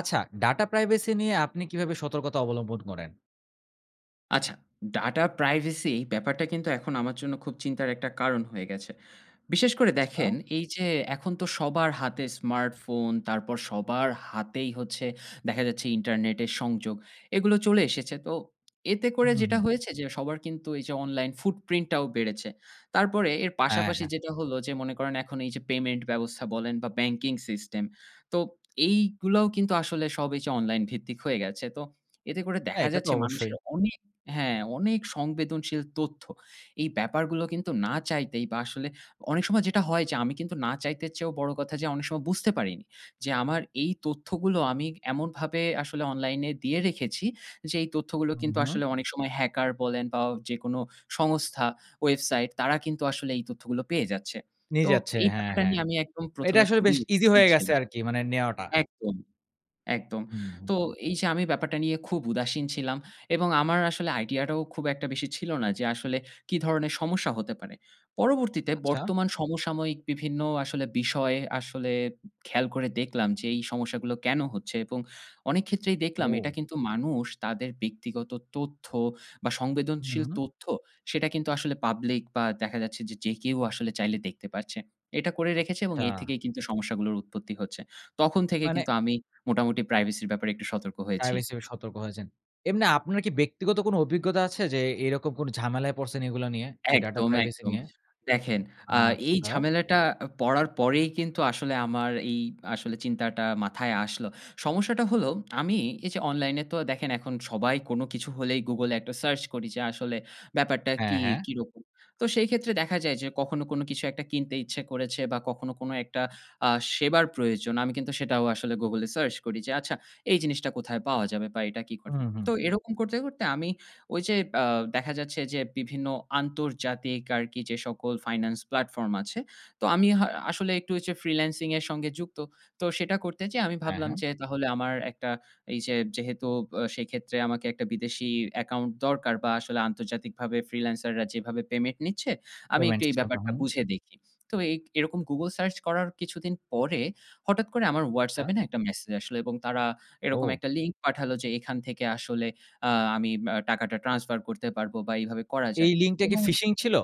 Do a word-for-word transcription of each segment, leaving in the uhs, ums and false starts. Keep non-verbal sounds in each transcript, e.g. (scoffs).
আচ্ছা data privacy নিয়ে আপনি কীভাবে সতর্কতা অবলম্বন করেন? আচ্ছা। Data privacy ব্যাপারটা কিন্তু এখন আমার জন্য খুব চিন্তার একটা কারণ হয়ে গেছে। বিশেষ করে আচ্ছা। দেখেন এই যে এখন তো সবার হাতে smartphone তারপর সবার হাতেই হচ্ছে দেখা যাচ্ছে internet এর সংযোগ। এগুলো চলে এসেছে। তো এতে করে হুম, যেটা হুম। হয়েছে যে সবার কিন্তু এই যে online footprint ও বেড়েছে। তারপরে এর হ্যাঁ, পাশাপাশি হ্যাঁ। যেটা হলো যে মনে করেন এখন এই যে payment ব্যবস্থা বলেন বা banking system তো এইগুলাও কিন্তু আসলে সব এই যে online ভিত্তিক হয়ে গেছে। তো এতে করে হ্যাঁ, দেখা এটা তো যাচ্ছে অবশ্যই। মানুষের অনেক হ্যাঁ অনেক সংবেদনশীল তথ্য এই ব্যাপারগুলো কিন্তু না চাইতেই বা আসলে অনেক সময় যেটা হয় যে আমি কিন্তু না চাইতের চেয়েও বড়ো কথা যে অনেক সময় বুঝতে পারিনি। যে আমার এই তথ্যগুলো আমি ক এমনভাবে আসলে online এ দিয়ে রেখেছি যে এই তথ্যগুলো হুম, কিন্তু হুম। আসলে অনেক সময় hacker বলেন বা অ যেকোনো সংস্থা, website তারা কিন্তু আসলে এই তথ্যগুলো পেয়ে যাচ্ছে। নিয়ে তো যাচ্ছে। এই হ্যাঁ, ব্যাপারটা হ্যাঁ। নিয়ে আমি একদম তো প্রথম এইটা এ আসলে খুবই বেশ easy উদাসীন হয়ে গেছে ছিলাম আরকি মানে নেওয়াটা। একদম, একদম। হুম, হুম। তো এই যে আমি ব্যাপারটা নিয়ে খুব উদাসীন ছিলাম এবং আমার আসলে idea টা ও খুব একটা বেশি ছিল না। যে আসলে কী ধরনের সমস্যা হতে পারে? পরবর্তীতে আচ্ছা। বর্তমান সমসাময়িক বিভিন্ন আসলে বিষয় আসলে খেয়াল করে দেখলাম যে এই সমস্যাগুলো কেন হচ্ছে? এবং অনেক ক্ষেত্রেই দেখলাম এটা ও! কিন্তু মানুষ তাদের ব্যক্তিগত তথ্য বা উম, সংবেদনশীল হুম। তথ্য সেটা কিন্তু আসলে public বা দেখা যাচ্ছে যে, যে কেউ আসলে চাইলে দেখতে পারছে। এইটা করে রেখেছে এবং এর আচ্ছা। থেকেই কিন্তু সমস্যাগুলোর উৎপত্তি হচ্ছে। তখন থেকে মানে কিন্তু আমি মোটামুটি privacy এর ব্যাপারে একটু সতর্ক হয়েছি। Privacy এর ব্যাপারে সতর্ক হয়েছেন। এমনি আপনার কি ব্যক্তিগত কোনো অভিজ্ঞতা আছে যে এ এইরকম কোন ঝামেলায় পড়ছেন এইগুলা নিয়ে? এই data একদম, privacy একদম। নিয়ে? দেখেন আ এই আচ্ছা। ঝামেলাটা পড়ার পরেই কিন্তু আসলে আমার এই আসলে চিন্তাটা মাথায় আসলো। সমস্যাটা হলো আমি এই যে online এ তো দেখেন এখন সবাই কোন কিছু হলেই Google এ একটা search করি যে আসলে ব্যাপারটা হ্যাঁ, কি হ্যাঁ। কিরকম? তো সেই ক্ষেত্রে দেখা যায় যে কখনো কোনো কিছু একটা কিনতে ইচ্ছে করেছে বা কখনো কোনো একটা আ সেবার প্রয়োজন। আমি কিন্তু সেটাও আসলে Google এ search করি যে আচ্ছা এই জিনিসটা কোথায় পাওয়া যাবে বা এটা কী ঘটে? হুম, হুম। তো এরকম করতে, করতে আমি ওই যে আ দেখা যাচ্ছে যে বিভিন্ন আন্তর্জা‌তিক আরকি যে সকল finance platform আছে। তো আমি হা আসলে একটু এই যে freelancing এর সঙ্গে যুক্ত। তো সেটা করতে যেয়ে আমি হ্যাঁ, ভাবলাম হ্যাঁ। যে তাহলে আমার একটা এই যে যেহেতু ব সেইক্ষেত্রে আমাকে একটা বিদেশি account দরকার বা আসলে আন্তর্জাতিকভাবে freelancer রা যেভাবে payment নিচ্ছে আমি Payment একটু এই system টা ব্যাপারটা হুম। বুঝে দেখি। তো এই এরকম Google search করার কিছুদিন পরে হঠাৎ করে আমার আচ্ছা। WhatsApp এ না একটা message আসলো এবং তারা এরকম ও। একটা link পাঠালো যে এখান থেকে আসলে আ আমি ম টাকাটা transfer করতে পারব বা এইভাবে করা এই যায় link টা কি এবং fishing ছিল?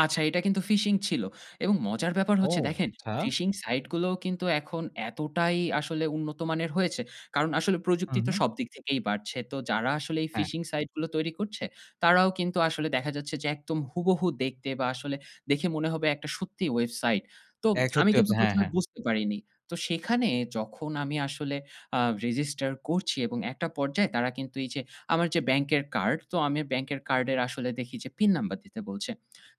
আচ্ছা এটা কিন্তু phishing ছিল, এবং মজার ব্যাপার ও হচ্ছে দেখেন। আচ্ছা! phishing সাইট গুলোও কিন্তু এখন এতটাই আসলে উন্নত মানের হয়েছে, কারন আসলে প্রযুক্তি হুম, তো হুম। সবদিক থেকেই বাড়ছে। তো যারা আসলে এই হ্যাঁ। phishing সাইট গুলো তৈরি করছে, তারাও কিন্তু আসলে দেখা যাচ্ছে যে একদম হুবহু দেখতে, বা আসলে দেখে মনে হবে একটা সত্যি ওয়েবসাইট। তো এ (smacks lips) আমি সত্যি কিন্তু ওয়েবসা হ্যাঁ, প্রথম এ হ্যাঁ। বুঝতে পারিনি। তো সেখানে যখন আমি আসলে আ রেজিস্টার করছি, এবং একটা পর্যায়ে তারা কিন্তু এই যে আমার যে ব্যাংকের কার্ড, তো আমি ব্যাংকের কার্ডের আসলে দেখি যে পিন নাম্বার দিতে বলছে।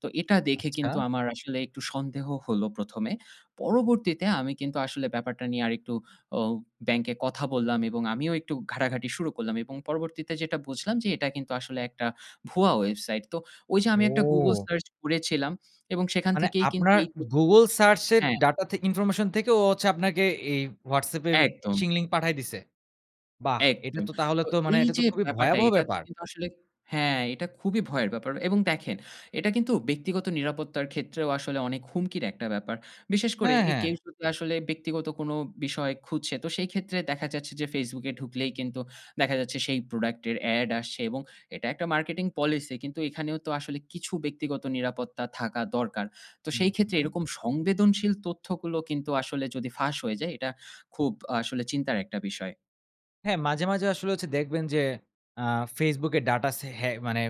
তো এটা দেখে আচ্ছা। কিন্তু আমার আসলে একটু সন্দেহ হলো প্রথম এ। পরবর্তীতে, আমি কিন্তু আসলে ব্যাপারটা নিয়ে আরেকটু অ ব্যাংকে কথা বললাম এবং আমিও একটু ঘাটাঘাটি শুরু করলাম। এবং পরবর্তীতে যেটা বুঝলাম যে এটা কিন্তু আসলে একটা ভুয়া ওয়েবসাইট। তো ওই যে আমি একটা Google ও! সার্চ করেছিলাম এবং সেখান মানে থেকেই কিন্তু আপনার (unintelligible) Google সার্চ এর হ্যাঁ। ডাটা থে ইনফরমেশন থেকে ও হচ্ছে আপনাকে এই WhatsApp এ একদম। phishing link পাঠায় দিছে? বাহ! এটা একদম, তো তাহলে তো তো মানে এই এটা তো যে খুবই ব্যাপারটা ভয়াবহ এটাতে ব্যাপার! কিন্তু আসলে হ্যাঁ। এটা খুবই ভয়ের ব্যাপার এবং দেখেন এটা কিন্তু ব্যক্তিগত নিরাপত্তার ক্ষেত্রেও আসলে অনেক হুমকির একটা ব্যাপার। বিশেষ করে হ্যাঁ, এ হ্যাঁ! কেউ যদি আসলে ব্যক্তিগত কোনো বিষয় খুঁজছে, তো সেই ক্ষেত্রে দেখা যাচ্ছে যে Facebook এ ঢুকলেই কিন্তু দেখা যাচ্ছে, সেই প্রোডাক্ট এর এড আসছে এবং এটা একটা marketing policy কিন্তু এইখানেও তো আসলে কিছু ব্যক্তিগত নিরাপত্তা থাকা দরকার। তো সেই ক্ষেত্রে (unintelligible) এরকম সংবেদনশীল তথ্যগুলো কিন্তু আসলে যদি ফাঁস হয়ে যায় এটা খুব আসলে চিন্তার একটা বিষয়। হ্যাঁ। মাঝে, মাঝে আসলে হচ্ছে দেখবেন যে, আ Facebook এ ডাটা সে হ্যাঁ, মানে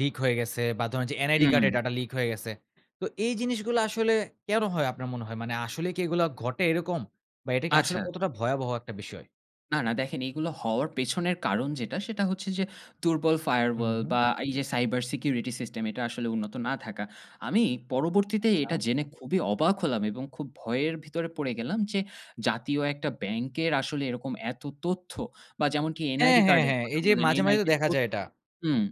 লিক হয়ে গেছে বা, ধরুন যে NID হুম। কার্ডের ডাটা লিক হয়ে গেছে। তো এই জিনিসগুলা আসলে কেন হয় আপনার মনে হয়? মানে আসলে কি এগুলো ঘটে এরকম বা এটা কি আসলে আচ্ছা। কতটা ভয়াবহ এক টা বিষয়? না, না, দেখেন এগুলো হওয়ার পেছনের কারণ যেটা, সেটা হচ্ছে যে দুর্বল হুম, Firewall হুম। বা এই যে Cyber Security System এটা আসলে উন্নত না থাকা। আমি পরবর্তীতে এটা আচ্ছা। জেনে খুবই অবাক হলাম এবং খুব ভয়ের ভিতরে পড়ে গেলাম যে, জাতীয় এক টা ব্যাংকের আসলে এরকম এত তথ্য বা যেমন টি হ্যাঁ, NID হ্যাঁ, কার্ডের হ্যাঁ। কথা এই যে বললেন মাঝে, মাঝে তো NID র দেখা যায় তথ্য এটা। হুম।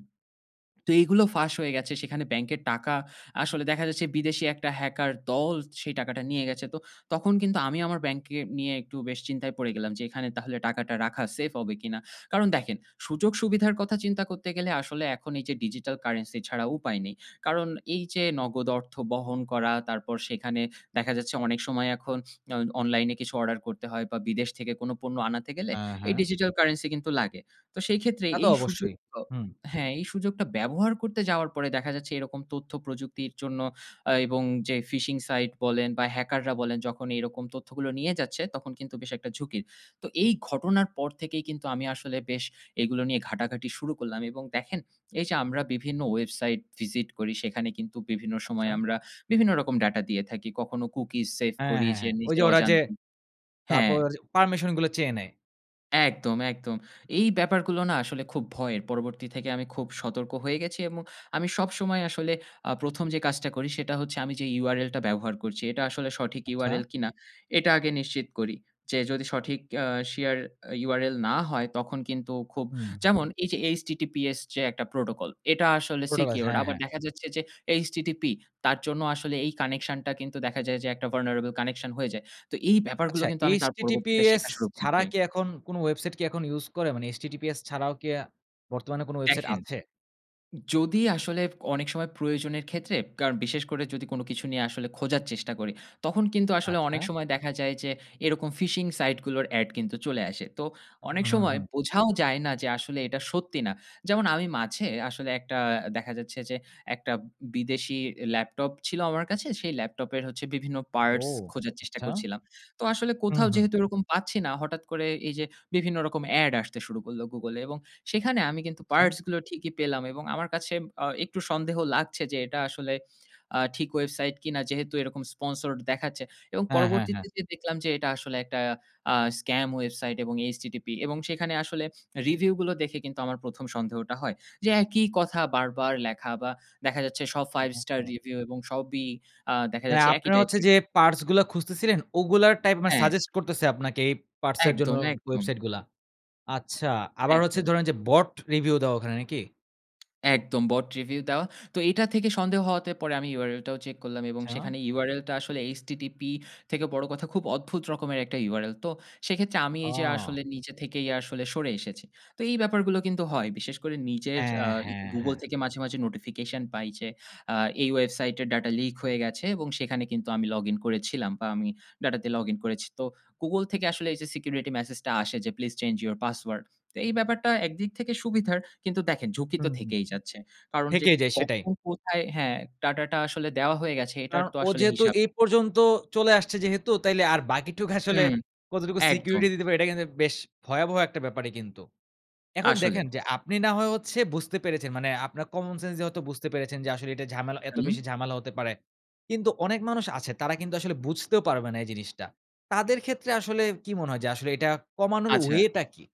(swallows) তো এগুলো ফাঁস হয়ে গেছে। সেখানে ব্যাংকের টাকা আসলে দেখা যাচ্ছে বিদেশি এক টা হ্যাকার দল সেই টাকাটা নিয়ে গেছে। তো তখন কিন্তু আমি আমার ব্যাংককে নিয়ে একটু বেশ চিন্তায় পড়ে গেলাম যে, এখানে তাহলে টাকাটা রাখা সেফ হবে কি না? কারণ দেখেন, সুযোগ-সুবিধার কথা চিন্তা করতে গেলে আসলে এখন এই যে, digital currency ছাড়া উপায় নেই। কারণ এই যে নগদ অর্থ বহন করা তারপর সেখানে দেখা যাচ্ছে অনেক সময় এখন অ অনলাইনে কিছু অর্ডার করতে হয় বা বিদেশ থেকে কোন পণ্য আনাতে গেলে আ এই হ্যাঁ। digital currency কিন্তু লাগে। তো সেই ক্ষেত্রে তা তো এই সুযোগ অবশ্যই। আ হুম। হ্যাঁ, এই সুযোগটা ব্যবহার করতে যাওয়ার পরে দেখা যাচ্ছে এরকম তথ্য প্রযুক্তির জন্য আ এবং যে phishing site বলেন বা হ্যাকাররা বলেন যখনই এরকম তথ্যগুলো নিয়ে যাচ্ছে। তখন কিন্তু বেশ এক টা ঝুঁকির। তো এই ঘটনার পর থেকেই কিন্তু আমি আসলে বেশ এগুলো নিয়ে ঘাটাঘাটি শুরু করলাম এবং দেখেন এই যে, আমরা বিভিন্ন ওয়েবসাইট ভিসিট করি সেখানে কিন্তু বিভিন্ন সময় আচ্ছা। আমরা বিভিন্ন রকম ডাটা দিয়ে থাকি। কখনো cookies সেভ হ্যাঁ, করি হ্যাঁ, যে, হ্যাঁ। ঐযে নিজের ওরা যে অজান্তে হ্যাঁ। তারপর, পারমিশনগুলা চেয়ে নেয়। একদম, একদম! এই ব্যাপারগুলো না আসলে খুব ভয়ের। পরবর্তী থেকে আমি খুব সতর্ক হয়ে গেছি এবং আমি সবসময় আসলে আ প্রথম যে কাজটা করি, সেটা হচ্ছে আমি যে URL টা ব্যবহার করছি। এটা আসলে সঠিক আচ্ছা। URL কিনা এটা আগে নিশ্চিত করি। যে যদি সঠিক আ শেয়ার আ URL না হয় তখন কিন্তু খুব হুম। যেমন এই যে HTTPS যে একটা প্রোটোকল। এটা আসলে প্রোটোকল, secured হ্যাঁ, আবার হ্যাঁ। দেখা যাচ্ছে যে HTTP তার জন্য আসলে এই কানেকশন টা কিন্তু দেখা যায় যে একটা vulnerable connection হয়ে যায়। তো এই ব্যাপারগুলো আচ্ছা কিন্তু আমি তার পরবর্তীতে HTTPS শেখা শুরু ছাড়া করছি কি এখন কোন ওয়েবসাইট কি এখন ইউজ করে? মানে HTTPS ছাড়াও কি আ বর্তমানে কোন ওয়েবসাইট দেখেন, আছে? যদি আসলে অনেক সময় প্রয়োজনের ক্ষেত্রে কারন বিশেষ করে যদি কোন কিছু নিয়ে আসলে খোঁজার চেষ্টা করি, তখন কিন্তু আসলে অনেক আচ্ছা। সময় দেখা যায় যে এরকম phishing site গুলোর এড কিন্তু চলে আসে। তো হুম, অনেক হুম, সময় হুম। বোঝাও যায় না যে আসলে এটা সত্যি না। যেমন আমি মাঝে আসলে একটা দেখা যাচ্ছে যে একটা বিদেশি ল্যাপটপ ছিল আমার কাছে। সেই ল্যাপটপের হচ্ছে বিভিন্ন ও! পার্টস খোঁজার চেষ্টা আচ্ছা। করছিলাম। তো আসলে হু, কোথাও হু। যেহেতু এরকম পাচ্ছি না হঠাৎ করে এই যে বিভিন্ন রকম এড আসতে শুরু করল Google এ, এবং সেখানে আমি কিন্তু আচ্ছা। পার্টস গুলো ঠিকই পেলাম। এবং আমার কাছে আ একটু সন্দেহ লাগছে যে এটা আসলে আ ঠিক ওয়েবসাইট কিনা যেহেতু এরকম sponsored দেখাচ্ছে। এবং হ্যাঁ, হ্যাঁ, পরবর্তীতে হ্যাঁ। যে দেখলাম যে এটা আসলে একটা আ স্কাম ওয়েবসাইট এবং HTTP এবং সেখানে আসলে রিভিউ গুলো দেখে কিন্তু আমার প্রথম সন্দেহটা হয়। যে একই কথা বারবার লেখা বা দেখা যাচ্ছে সব ফাইভ স্টার ওহ! রিভিউ এবং সবই আ দেখা মানে যাচ্ছে একই আপনার হচ্ছে টাইপের যে (unintelligible) পার্টস গুলো খুঁজতেছিলেন, ওগুলার টাইপ মানে হ্যাঁ। সাজেস্ট করতেছে আপনাকে এই পার্টস এর জন্য একদম, একদম! ওয়েবসাইট গুলা। আচ্ছা! আবার হচ্ছে একদম। ধরেন যে bot review দেওয়া ওখানে নাকি? একদম bot review দেওয়া। তো এটা থেকে সন্দেহ হওয়াতে পরে আমি URL টাও check করলাম এবং আচ্ছা। সেখানে URL টা আসলে H-T-T-P থেকে বড় কথা খুব অদ্ভুত রকমের একটা URL, তো সেক্ষেত্রে আমি এই যে আসলে অ নিজে থেকেই আসলে সরে এসেছি। তো এই ব্যাপারগুলো কিন্তু হয়। বিশেষ করে নিজের আ হ্যাঁ, ই হ্যাঁ, Google হ্যাঁ। থেকে মাঝে, মাঝে notification পাই যে আ এই website এর data leak হয়ে গেছে এবং সেখানে কিন্তু আমি login করেছিলাম বা আমি data তে login করেছি। তো Google থেকে আসলে এই যে security message টা আসে যে please change your password. তো এই ব্যাপারটা একদিক থেকে সুবিধার, কিন্তু দেখেন ঝুঁকি তো হুম, হুম। থেকেই যাচ্ছে। কারণ যে থেকেই যায়, সেটাই। কখন কোথায় হ্যাঁ, data টা আসলে দেওয়া হয়ে গেছে আ এটার তো ও আসলে যেহেতু হিসাব এই পর্যন্ত চলে আসছে যেহেতু, তাইলে আর বাকিটুকু আসলে হুম। (scoffs) কতটুকু একদম। security দিতে পারে এটা কিন্তু বেশ ভয়াবহ একটা ব্যাপারই কিন্তু। এখন দেখেন আসলেই। যে, আপনি না হয় হচ্ছে বুঝতে পেরেছেন। মানে আপনার common sense দিয়ে হয়তো বুঝতে পেরেছেন যে, আসলে এটা ঝামেলা এত হুম। বেশি ঝামেলা হতে পারে কিন্তু অনেক মানুষ আছে তারা কিন্তু আসলে বুঝতেও পারবে না এই জিনিসটা। তাদের ক্ষেত্রে আসলে কী মনে হয় যে আসলে এটা কমানোর আচ্ছা। way টা কী?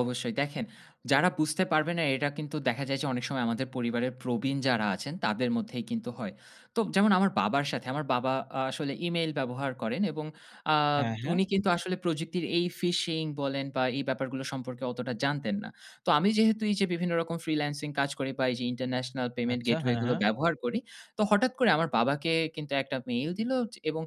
অবশ্যই। দেখেন যারা বুঝতে পারবে না এটা কিন্তু দেখা যায় যে, অনেক সময় আমাদের পরিবারের প্রবীণ যারা আছেন তাদের মধ্যেই কিন্তু হয়। তো যেমন আমার বাবার সাথে আমার বাবা আ আসলে email ব্যবহার করেন এবং আ হ্যাঁ, হ্যাঁ। উনি কিন্তু আসলে প্রযুক্তির এই fishing বলেন বা এই ব্যাপারগুলো সম্পর্কে অতটা জানতেন না। তো আমি যেহেতু এই যে বিভিন্ন রকম freelancing কাজ করি বা এই যে international payment আচ্ছা। gateway হ্যাঁ, গুলো হ্যাঁ। ব্যবহার করি। তো হঠাৎ করে আমার বাবাকে কিন্তু একটা mail দিলো এবং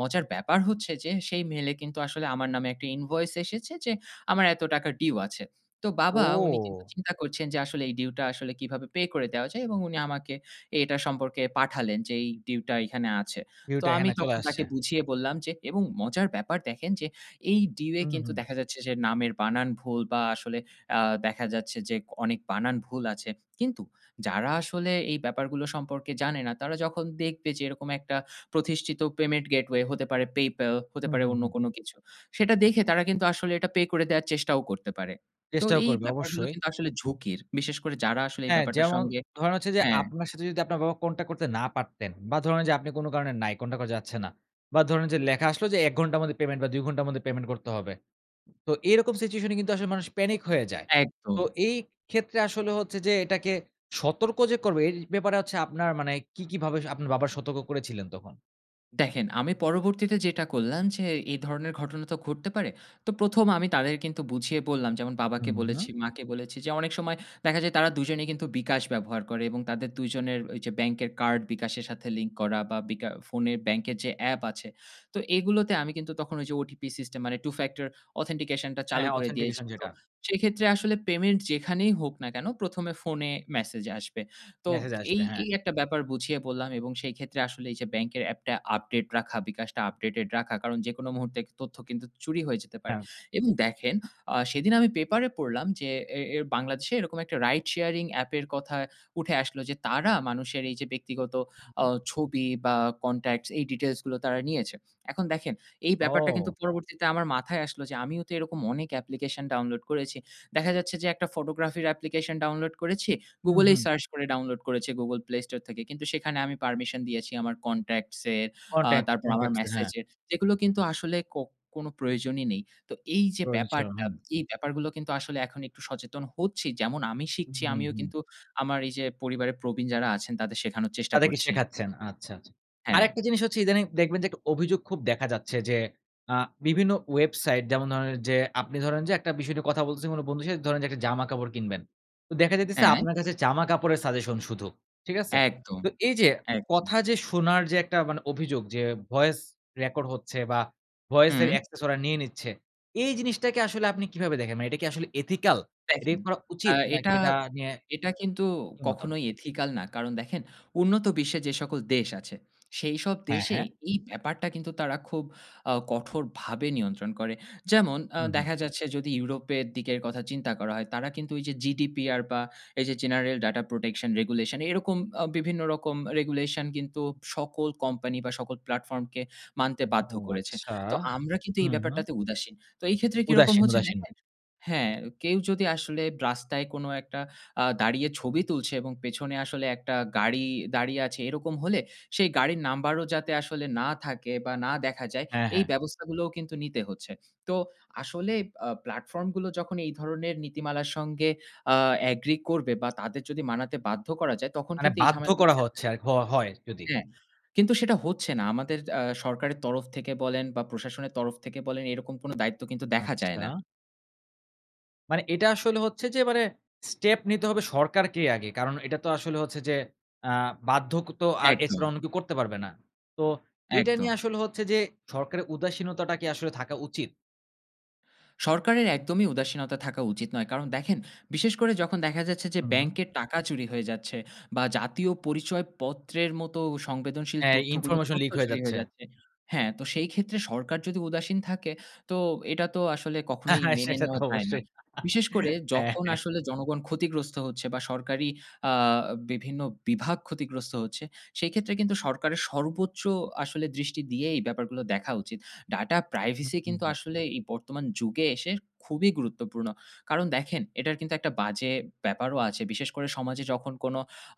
মজার ব্যাপার হচ্ছে যে, সেই mail এ কিন্তু আসলে আমার নামে একটা invoice এসেছে যে আমার এত টাকার due আছে। তো বাবা উনি কিন্তু ও! চিন্তা করছেন যে আসলে এই due টা আসলে কীভাবে pay করে দেওয়া যায় এবং উনি আমাকে এটা সম্পর্কে পাঠালেন যে এই due টা এখানে আছে। view তো টা আমি এখানে চলে তখন আসছে। তাকে বুঝিয়ে বললাম যে এবং মজার ব্যাপার দেখেন যে, এই due এ হুম, কিন্তু হুম। দেখা যাচ্ছে যে নামের বানান ভুল বা আসলে আ দেখা যাচ্ছে যে অনেক বানান ভুল আছে কিন্তু যারা আসলে এই ব্যাপারগুলো সম্পর্কে জানে না। তারা যখন দেখবে যে এরকম একটা প্রতিষ্ঠিত payment gateway হতে পারে PayPal হতে হুম, পারে হুম, অন্য হুম। কোন কিছু। সেটা দেখে তারা কিন্তু আসলে এটা pay করে দেওয়ার চেষ্টাও করতে পারে। তো চেষ্টাও এই করবে। ব্যাপারগুলো অবশ্যই। কিন্তু আসলে ঝুঁকির। বিশেষ করে যারা আসলে এই হ্যাঁ। ব্যাপারটার যেমন সঙ্গে ধরেন হচ্ছে যে, হ্যাঁ। আপনার সাথে যদি আপনার বাবা contact করতে না পারতেন। বা ধরেন যে আপনি কোন কারণে নাই contact করা যাচ্ছে না বা ধরুন যে লেখা আসলো যে এক ঘন্টার মধ্যে payment বা দুই ঘন্টার মধ্যে payment করতে হবে। তো এরকম situation এ কিন্তু আসলে মানুষ panic হয়ে যায়। তো একদম। এই ক্ষেত্রে আসলে হচ্ছে যে, এটাকে সতর্ক যে করবে এই ব্যাপারে হচ্ছে আপনার মানে কী, কী ভাবে আপনার বাবাকে সতর্ক করেছিলেন তখন? দেখেন আমি পরবর্তীতে যেটা করলাম যে, এই ধরনের ঘটনা তো ঘটতে পারে, তো প্রথম আমি তাদের কিন্তু বুঝিয়ে বললাম। যেমন বাবাকে হুম, বলেছি, হুম। মাকে বলেছি যে, অনেক সময় দেখা যায় তারা দুজনেই কিন্তু bKash ব্যবহার করে এবং তাদের দুজনের ওইযে ব্যাংকের কার্ড bKash এর সাথে লিঙ্ক করা বা বিকা ফোনে ব্যাংকের যে অ্যাপ আছে। তো এগুলোতে আমি কিন্তু তখন ওইযে OTP system মানে Two-factor authentication টা হ্যাঁ চালু করে দিয়েছি। authentication তো যেটা। সেইক্ষেত্রে আসলে পেমেন্ট যেখানেই হোক না কেন, প্রথম এ ফোনে মেসেজে আসবে। তো মেসেজ এই, আসবে, হ্যাঁ। এই একটা ব্যাপার বুঝিয়ে বললাম এবং সেইক্ষেত্রে আসলে এই যে ব্যাংকের অ্যাপটা আপডেট রাখা, bKash টা আপডেটেড রাখা, কারণ যেকোনো মুহূর্তে তথ্য কিন্তু চুরি হয়ে যেতে পারে। হ্যাঁ। এবং দেখেন আ সেদিন আমি পেপারে পড়লাম যে এ এর বাংলাদেশে এরকম একটা রাইড শেয়ারিং অ্যাপের কথা উঠে আসলো, যে তারা মানুষের এই যে ব্যক্তিগত উম অ হুম। ছবি বা কনট্যাক্টস এই ডিটেইলস গুলো তারা নিয়েছে। এখন দেখেন, এই ব্যাপারটা কিন্তু ও! পরবর্তীতে আমার মাথায় আসলো যে আমিও তো এরকম অনেক অ্যাপ্লিকেশন ডাউনলোড করেছি। দেখা যাচ্ছে যে একটা ফটোগ্রাফির অ্যাপ্লিকেশন ডাউনলোড করেছি। উম Google এই হুম। সার্চ করে ডাউনলোড করেছি, Google Play Store থেকে, কিন্তু সেখানে আমি পারমিশন দিয়েছি আমার কনট্যাক্টস এর, আ কনট্যাক্ট, তারপর আমার কনট্যাক্টস এ। হ্যাঁ। মেসেজের যেগুলো কিন্তু আসলে কো কোন প্রয়োজনই নেই। তো এই যে প্রয়োজন ছিল, ব্যাপারটা, হুম। এই ব্যাপারগুলো কিন্তু আসলে এখন একটু সচেতন হচ্ছি। যেমন আমি উম শিখছি আমিও মহুম। কিন্তু আমার এই যে পরিবারের প্রবীণ যারা আছেন তাদের শেখানোর চেষ্টা তাদেরকে করছি। শেখাচ্ছেন আচ্ছা, আচ্ছা। হ্যাঁ। আরেকটা জিনিস হচ্ছে ইদানিং দেখবেন যে একটু অভিযোগ খুব দেখা যাচ্ছে যে আ বিভিন্ন ওয়েবসাইট যেমন ধরেন যে, আপনি ধরেন যে একটা বিষয় নিয়ে কথা বলতেছে কোনো বন্ধুর সাথে, ধরেন যে একটা জামা-কাপড় কিনবেন। তো দেখা যাইতেসে হ্যাঁ? আপনার কাছে জামা কাপড়ের সাজেশন শুধু, ঠিক আছে? একদম, তো এই যে একদম। কথা যে শোনার যে একটা মানে অভিযোগ, যে voice record হচ্ছে বা ভয়েস এর হুম। access ওরা নিয়ে নিচ্ছে। এই জিনিসটাকে আসলে আপনি কিভাবে দেখেন? মানে এটা কি আসলে ethical? এটা দেখেন কি করা আ উচিত? নাকি এটা এটা নিয়ে এটা কিন্তু কি মতামত? কখনোই ethical না। কারণ দেখেন উন্নত বিশ্বে যেসকল দেশ আছে, সেইসব হ্যাঁ, দেশে হ্যাঁ। এই ব্যাপারটা কিন্তু তারা খুব আ কঠোরভাবে নিয়ন্ত্রণ করে। যেমন আ উম হুম। দেখা যাচ্ছে যদি ইউরোপের দিকের কথা চিন্তা করা হয়, তারা কিন্তু ওইযে GDPR বা এই যে General Data Protection Regulation এরকম অ বিভিন্ন রকম regulation কিন্তু সকল কোম্পানি বা সকল প্লাটফর্মকে মানতে ও বাধ্য করেছে। আচ্ছা! তো আমরা কিন্তু এই উম হুম। ব্যাপারটাতে উদাসীন। তো এই ক্ষেত্রে কিরকম উদাসীন, হচ্ছে উদাসীন। দেখেন হ্যাঁ, কেউ যদি আসলে রাস্তায় কোন একটা আ দাঁড়িয়ে ছবি তুলছে এবং পেছনে আসলে একটা গাড়ি দাঁড়িয়ে আছে এরকম হলে সেই গাড়ির নাম্বারও যাতে আসলে না থাকে বা না দেখা যায় হ্যাঁ, এই হ্যাঁ। ব্যবস্থাগুলোও কিন্তু নিতে হচ্ছে। তো আসলে আ প্লাটফর্ম গুলো যখন এই ধরনের নীতিমালার সঙ্গে আ এগ্রি করবে বা তাদের যদি মানাতে বাধ্য করা যায়, তখন মানে কিন্তু এই বাধ্য ঝামেলাটি করা হচ্ছে (unintelligible) এক হ হয় যদি। হ্যাঁ, কিন্তু সেটা হচ্ছে না আমাদের য আ সরকারের তরফ থেকে বলেন বা প্রশাসনের তরফ থেকে বলেন এরকম কোন দায়িত্ব কিন্তু দেখা যায় না। আচ্ছা? মানে এটা আসলে হচ্ছে যে, মানে স্টেপ নিতে হবে সরকারকেই আগে। কারণ এটা তো আসলে হচ্ছে যে আ বাধ্যকোতো আর এছাড়া একদম। অন্য কেউ করতে পারবে না। তো এইটা একদম। নিয়ে আসলে হচ্ছে যে সরকারের উদাসীনতাটা কি আসলে থাকা উচিত? সরকারের একদমই উদাসীনতা থাকা উচিত নয়। কারণ দেখেন, বিশেষ করে যখন দেখা যাচ্ছে যে হু, হুম। ব্যাংকের টাকা চুরি হয়ে যাচ্ছে বা, জাতীয় পরিচয় পত্রের মতো ও সংবেদনশীল হ্যাঁ, তথ্যগুলো ইনফরমেশন তথ্য লিক হয়ে চুরি হয়ে যাচ্ছে। যাচ্ছে। হ্যাঁ, তো সেইক্ষেত্রে সরকার যদি উদাসীন থাকে, তো এটা তো আসলে কখনোই মেনে সেটা তো নেওয়া যায় না। অবশ্যই। বিশেষ করে হ্যাঁ, যখন হ্যাঁ। আসলে জনগণ ক্ষতিগ্রস্ত হচ্ছে বা, সরকারি আ বিভিন্ন বিভাগ ক্ষতিগ্রস্ত হচ্ছে, সেইক্ষেত্রে কিন্তু সরকারের সর্বোচ্চ আসলে দৃষ্টি দিয়ে এই ব্যাপারগুলো দেখা উচিত। ডাটা হু, প্রাইভেসি হু, কিন্তু হু। আসলে এ বর্তমান যুগে এসে খুবই গুরুত্বপূর্ণ। কারণ দেখেন, এটার কিন্তু একটা বাজে ব্যাপারও আছে। বিশেষ করে সমাজে যখন কোন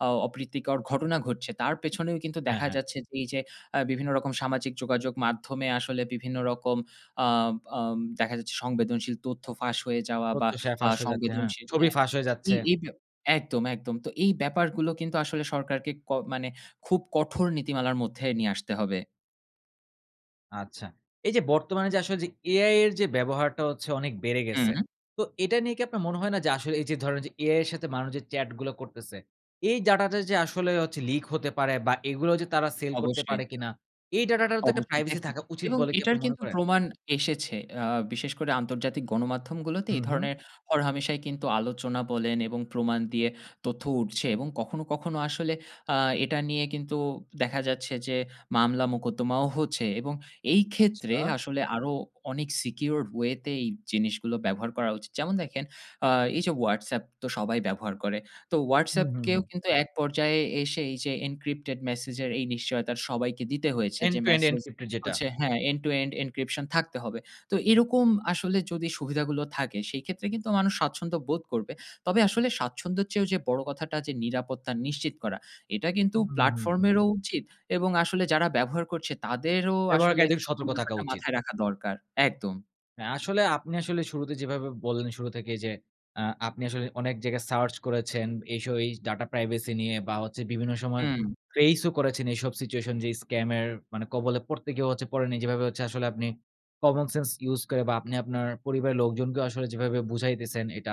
অ অপ্রীতিকর ঘটনা ঘটছে, তার পেছনেও কিন্তু হ্যাঁ, দেখা হ্যাঁ। যাচ্ছে যে এই যে আ বিভিন্ন রকম সামাজিক যোগাযোগ মাধ্যমে আসলে বিভিন্ন রকম আ বাম দেখা যাচ্ছে সংবেদনশীল তথ্য ফাঁস হয়ে যাওয়া বা, তথ্য শেয়ার আ ফাঁস হয়ে যাচ্ছে, হ্যাঁ। সংবেদনশীল ছবি হ্যাঁ, ফাঁস হয়ে যাচ্ছে। এই এই ব্যা একদম, একদম! তো এই ব্যাপারগুলো কিন্তু আসলে সরকারকে ক মানে খুব কঠোর নীতিমালার মধ্যে নিয়ে আসতে হবে। আচ্ছা, এই যে বর্তমানে যে আসলে যে AI এর যে ব্যবহারটা হচ্ছে অনেক বেড়ে গেছে। হুম। তো এটা নিয়ে কি আপনার মনে হয় না যে আসলে এই যে ধরনের যে AI এর সাথে মানুষ যে chat গুলো করতেছে এই data টা যে আসলেও হচ্ছে leak হতে পারে বা এগুলো যে তারা sale করতে অবশ্যই। পারে কিনা? এই data টারও তো একটা অবশ্যই, privacy দেখেন থাকা উচিত এবং বলে কি এটার আপনি মনে কিন্তু করেন? প্রমাণ এসেছে অ্যা বিশেষ করে আন্তর্জাতিক গণমাধ্যমগুলোতে এই হুম, হুম। ধরনের হরহামেশাই কিন্তু আলোচনা বলেন এবং প্রমাণ দিয়ে তথ্য উঠছে এবং কখনো, কখনো আসলে আ এটা নিয়ে কিন্তু দেখা যাচ্ছে যে মামলা-মোকদ্দমাও হচ্ছে। এবং এই ক্ষেত্রে আচ্ছা। আসলে আরো অনেক secured way তে এই জিনিসগুলো ব্যবহার করা উচিত। যেমন দেখেন আ এই যে WhatsApp তো সবাই ব্যবহার করে। তো হুম, WhatsApp হুম, কেও হুম। কিন্তু এক পর্যায়ে এসে এই যে encrypted message এর এই নিশ্চয়তার সবাইকে দিতে হয়েছে end যে to end message encrypted যেটা। হচ্ছে হ্যাঁ, end to end encryption থাকতে হবে। তো এরকম আসলে যদি সুবিধাগুলো থাকে সেইক্ষেত্রে কিন্তু মানুষ স্বাচ্ছন্দ্য বোধ করবে। তবে আসলে স্বাচ্ছন্দ্যের চেয়েও যে বড় কথাটা যে নিরাপত্তা নিশ্চিত করা। এটা কিন্তু হুম, হুম, হুম, platform হুম। এর ও উচিত এবং আসলে যারা ব্যবহার করছে তাদেরও আসলে ব্যবহারকারীদের এই সতর্ক থাকা ব্যাপারটা উচিত। মাথায় রাখা দরকার। একদম। অ্যা আসলে আপনি আসলে শুরুতে যেভাবে বললেন শুরু থেকেই যে অ্যা আপনি আসলে অনেক জায়গায় search করেছেন এইসব এই data privacy নিয়ে বা হচ্ছে বিভিন্ন সময় হুম। face ও করেছেন এইসব situation যে scam এর মানে কবলে পড়তে গিয়েও হচ্ছে পড়েনি। যেভাবে হচ্ছে আসলে আপনি common sense use করে বা আপনি আপনার পরিবারের লোকজনকেও আসলে যেভাবে বুঝাইতেছেন এটা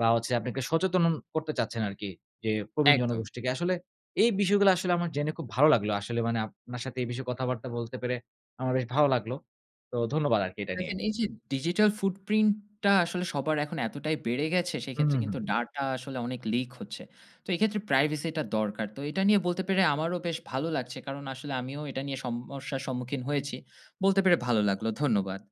বা হচ্ছে আপনি একটা সচেতনন করতে চাচ্ছেন আরকি যে প্রবীণ একদম। জনগোষ্ঠীকে। আসলে এই বিষয়গুলা আসলে আমার জেনে খুব ভালো লাগলো। আসলে মানে আপনার সাথে এই বিষয়ে কথাবার্তা বলতে পেরে আমার বেশ ভালো লাগলো। তো ধন্যবাদ আরকি এটা দেখেন নিয়ে। এই যে digital footprint টা আসলে সবার এখন এতটাই বেড়ে গেছে হুম, সেক্ষেত্রে হুম, হুম। কিন্তু data আসলে অনেক leak হচ্ছে। তো এই ক্ষেত্রে privacy টা দরকার। তো এটা নিয়ে বলতে পেরে আমারও বেশ ভালো লাগছে। কারণ আসলে আমিও এটা নিয়ে সমমস্যার সম্মুখীন হয়েছি। বলতে পেরে ভালো লাগল। ধন্যবাদ।